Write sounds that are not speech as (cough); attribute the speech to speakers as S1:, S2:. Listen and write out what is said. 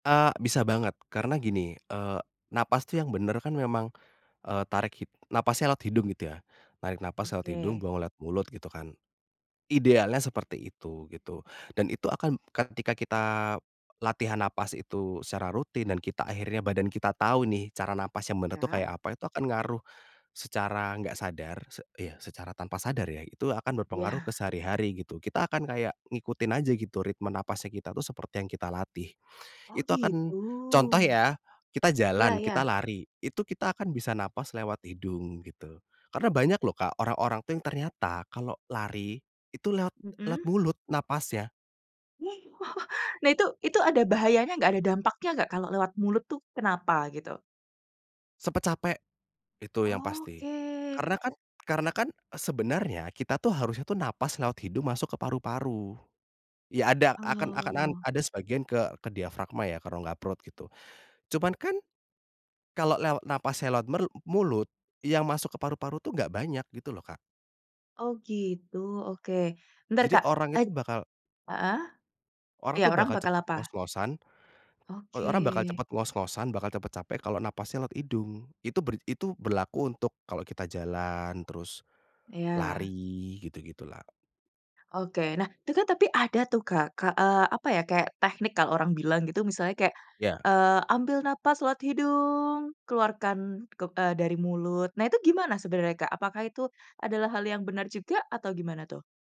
S1: Eee, bisa banget. Karena gini, eee, nafas tuh yang bener kan memang, eee, tarik hid nafasnya lewat hidung gitu ya. Tarik nafas lewat hidung,
S2: Oke.
S1: buang lewat mulut gitu kan. Idealnya seperti itu gitu, dan itu akan ketika kita latihan nafas itu secara rutin dan kita akhirnya, badan kita tahu nih cara nafas yang benar tuh
S2: Ya.
S1: kayak apa, itu akan ngaruh secara enggak sadar. Sec iya, secara tanpa sadar ya, itu akan berpengaruh ke
S2: Ya.
S1: sehari-hari gitu. Kita akan kayak ngikutin aja gitu ritme nafasnya kita tuh seperti yang kita latih.
S2: Oh
S1: Itu akan
S2: gitu.
S1: contoh ya, kita
S2: Iya
S1: jalan,
S2: iya.
S1: kita lari, itu kita akan bisa nafas lewat hidung gitu. Karena banyak loh, Kak, orang-orang tuh yang ternyata kalau lari itu lewat, lewat
S2: Mhm.
S1: mulut nafasnya.
S2: (laughs) Nah itu. Itu ada bahayanya enggak, ada dampaknya enggak kalau lewat mulut tuh kenapa gitu?
S1: Cepet capek itu yang pasti.
S2: Oke.
S1: Karena kan karena kan sebenarnya kita tuh harusnya tuh nafas lewat hidung, masuk ke paru-paru. Ya, ada akan akan
S2: Oh.
S1: ada sebagian ke ke diafragma ya, ke rongga perut gitu. Cuman kan kalau lewat nafasnya lewat peru mulut, yang masuk ke paru-paru tuh enggak banyak gitu loh, Kak.
S2: Oh gitu, oke. Bentar,
S1: Jadi
S2: Kak.
S1: orang
S2: Ej
S1: itu bakal
S2: heeh.
S1: Orang
S2: Iya,
S1: tuh
S2: orang
S1: bakal
S2: bakal
S1: cepet
S2: apa?
S1: ngos-ngosan, orang bakal
S2: Oke.
S1: cepet ngos-ngosan, bakal cepet capek kalau nafasnya lewat hidung. Itu ber itu berlaku untuk kalau kita jalan, terus
S2: Ya.
S1: lari, gitu-gitu lah.
S2: Oke. Nah tu kan tapi ada tuh, Kak, eee, apa ya, kayak teknik kalau orang bilang gitu misalnya kayak,
S1: Iya.
S2: eee, ambil nafas lewat hidung, keluarkan ke eee, dari mulut, nah itu gimana sebenarnya, Kak? Apakah itu adalah hal yang benar juga? Atau gimana tuh?